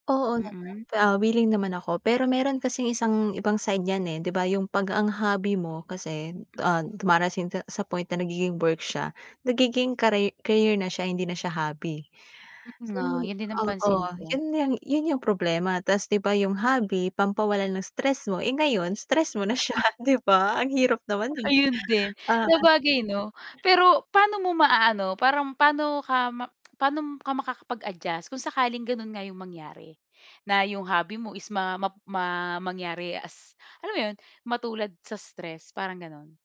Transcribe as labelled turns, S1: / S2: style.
S1: Oo naman,
S2: Mm.
S1: ah, wiling naman ako, pero meron kasing isang ibang side yan eh, 'di ba yung pag ang hobby mo kasi, ah, dumarating ka sa point na nagiging work siya, nagiging kari career na siya hindi na siya hobby.
S2: Oo
S1: So,
S2: nga, yun din ang pansin
S1: oo
S2: ko.
S1: yun yung yun yung problema, tas 'di ba yung hobby pampawalan ng stress mo, eh ngayon stress mo na siya 'di ba? Ang hirap naman non.
S2: Ayun din,
S1: Ah
S2: sabagay 'no. Pero paano mo maaano, parang pano ka ma-pano ka makakapag-adjust kung sakaling ganun nga yung mangyari, na yung hobby mo is ma map ma mangyari as alam mo yun, matulad sa stress parang ganon?